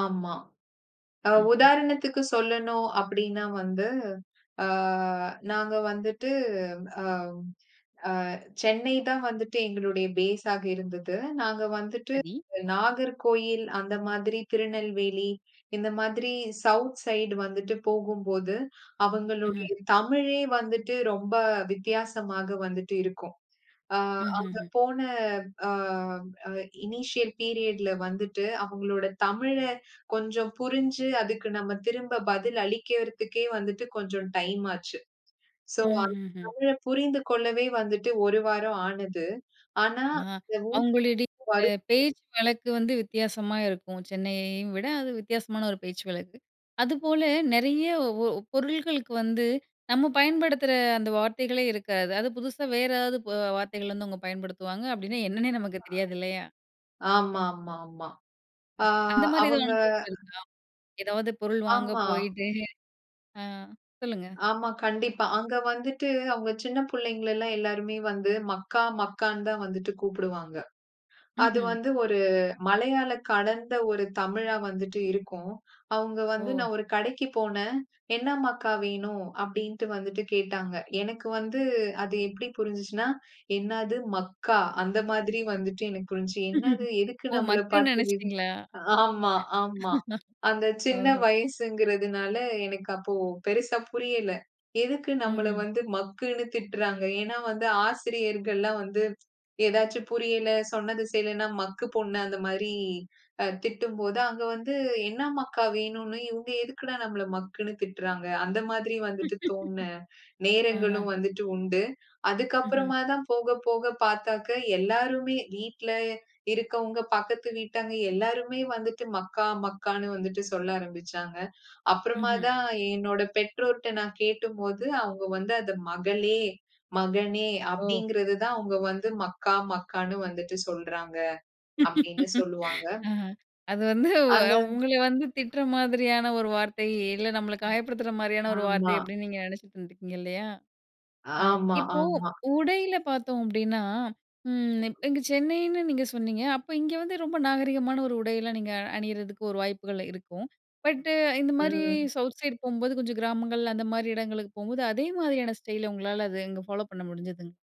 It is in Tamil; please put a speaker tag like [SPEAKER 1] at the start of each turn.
[SPEAKER 1] ஆமா. அ
[SPEAKER 2] ம்ஹ்ம்.
[SPEAKER 1] உதாரணத்துக்கு சொல்லணும் அப்டின்னா வந்து, ஆ நாங்க வந்துட்டு அ அ சென்னை தான் வந்துட்டு எங்களுடைய பேஸா இருந்தது. நாங்க வந்துட்டு
[SPEAKER 2] சரி.
[SPEAKER 1] நாகர்கோயில் அந்த மாதிரி திருநெல்வேலி இந்த மாதிரி சவுத் சைட் வந்துட்டு போகும்போது அவங்களுடைய
[SPEAKER 2] ம்ஹ்ம்.
[SPEAKER 1] தமிழே வந்துட்டு ரொம்ப வித்தியாசமாக வந்துட்டு இருக்கும். ஆ அங்க
[SPEAKER 2] ம்ஹ்ம்.
[SPEAKER 1] போன அ அ இனிஷியல் பீரியட்ல வந்துட்டு அவங்களோட தமிழே கொஞ்சம் புரிஞ்சு அதுக்கு நம்ம திரும்ப பதில் அளிக்கறதுகே வந்துட்டு கொஞ்சம் டைம் ஆச்சு. சோ, அந்த
[SPEAKER 2] ம்ஹ்ம்.
[SPEAKER 1] தமிழ புரிந்து கொள்ளவே வந்துட்டு 1 வாரம் ஆனது. ஆனா,
[SPEAKER 2] ஆ. அவங்களுடைய
[SPEAKER 1] [unintelligible] வரும்.
[SPEAKER 2] பேச்சு வழக்கு வந்து வித்தியாசமா இருக்கும், சென்னையையும் விட அது வித்தியாசமான ஒரு பேச்சு வழக்கு. அதுபோல நெறைய ஓ பொருள்களுக்கு வந்து நம்ம பயன்படுத்துற அந்த வார்த்தைகளே இருக்காது. அது புதுசா வேற ஏதாவது பொ வார்த்தைகள்லருந்து அவங்க பயன்படுத்துவாங்க. அப்டின்னா என்னன்னே நமக்கு தெரியாது இல்லையா?
[SPEAKER 1] ஆ ஆமாமாமா. ஆ
[SPEAKER 2] அந்த மாரி ஏதாது
[SPEAKER 1] அவங்க
[SPEAKER 2] அனுபவம் இருக்கா? ஏதாது பொருள் வாங்க
[SPEAKER 1] ஆமா.
[SPEAKER 2] போயிட்டு ஆ சொல்லுங்க.
[SPEAKER 1] ஆமா, கண்டிப்பா. அங்க வந்துட்டு அவங்க சின்ன புள்ளைங்களலா எல்லாருமே வந்து மக்கா மக்கான்னு தான் வந்துட்டு கூப்புடுவாங்க. அது
[SPEAKER 2] ம்ஹ்ம்.
[SPEAKER 1] வந்து ஒரு மலையாள கலந்த ஒரு தமிழா வந்துட்டு இருக்கும். அவங்க வந்து
[SPEAKER 2] ஒ!
[SPEAKER 1] நான் ஒரு கடைக்கு போனேன். "என்ன மக்கா வேணும்" அப்டின்ட்டு வந்துட்டு கேட்டாங்க. எனக்கு வந்து அது எப்டி புரிஞ்சுச்சுன்னா, என்னது மக்கா அந்த மாதிரி வந்துட்டு எனக்கு புரிஞ்சு. என்னது எதுக்கு
[SPEAKER 2] ஓ!
[SPEAKER 1] நம்மளப்
[SPEAKER 2] மக்குன்னு
[SPEAKER 1] பார்த்து விம்
[SPEAKER 2] நெனைச்சிட்டீங்களா?
[SPEAKER 1] ஆமா, ஆமா. அந்த சின்ன
[SPEAKER 2] ஓஹோ!
[SPEAKER 1] வயசுங்குறதுனால எனக்கு அப்போ பெருசா புரியல. எதுக்கு நம்மள
[SPEAKER 2] ம்ஹ்ம்.
[SPEAKER 1] வந்து மக்குன்னு திட்டுறாங்க. ஏனா, வந்து ஆசிரியர்கள்லாம் வந்து ஏதாச்சு புரியல. சொன்னது செய்யலன்னா, மக்கு பொண்ணு அந்த மாரி அ திட்டும்போது அங்க வந்து என்ன மக்கா வேணுன்னு இவங்க எதுக்குடா நம்மள மக்குன்னு திட்டுறாங்க. அந்த மாதிரி வந்துட்டு தோன்ன
[SPEAKER 2] ஆஹ.
[SPEAKER 1] நேரங்களும் வந்துட்டு உண்டு. அதுக்கு
[SPEAKER 2] ம்ஹ்ம்.
[SPEAKER 1] அப்புறமா தான் போக போக பாத்தாக்க எல்லாருமே வீட்ல இருக்கவங்க பக்கத்து வீட்டாங்க எல்லோருமே வந்துட்டு மக்கா, மக்கான்னு வந்துட்டு சொல்ல ஆரம்பிச்சாங்க. அப்புறமா
[SPEAKER 2] ம்ஹ்ம்.
[SPEAKER 1] தான் என்னோட பெற்றோர்ட்ட நான் கேட்டும்போது அவங்க வந்து அத மகளே, மகனே
[SPEAKER 2] ஓ!
[SPEAKER 1] அப்டிங்ககிறது தான் அவங்க வந்து மக்கா மக்கான்னு வந்துட்டு சொல்றாங்க அப்டின்னு சொல்வாங்க.
[SPEAKER 2] ஆ அது வந்து
[SPEAKER 1] அத
[SPEAKER 2] உங்கள வந்து திட்டுற மாதிரியான ஒரு வார்த்தை இல்ல நம்மள
[SPEAKER 1] அ.
[SPEAKER 2] காயப்படுத்துற மாரியான ஒரு வார்த்தை
[SPEAKER 1] ஆமா.
[SPEAKER 2] அப்டின்னு நீங்க நெனைச்சிட்டு இருந்துருக்கீங்க இல்லையா? ஆ
[SPEAKER 1] ஆமா,
[SPEAKER 2] இப்போ
[SPEAKER 1] ஆமா.
[SPEAKER 2] உடையில பார்த்தோம் அப்டின்னா, ம், இங்க சென்னைன்னு நீங்க சொன்னீங்க, அப்ப இங்க வந்து ரொம்ப நாகரீகமான ஒரு உடையில நீங்க அணியிறதுக்கு ஒரு வாய்ப்புகள் இருக்கும். பட் இந்த மாரி
[SPEAKER 1] ம்.
[SPEAKER 2] சவுத் சைட் போம்போது கொஞ்சம் கிராமங்கள் அந்த மாரி இடங்களுக்கு போம்போது அதே மாதிரியான ஸ்டைல் உங்களால அது அங்க ஃபாலோ ஃபாலோ பண்ண முடிஞ்சுதுங்க.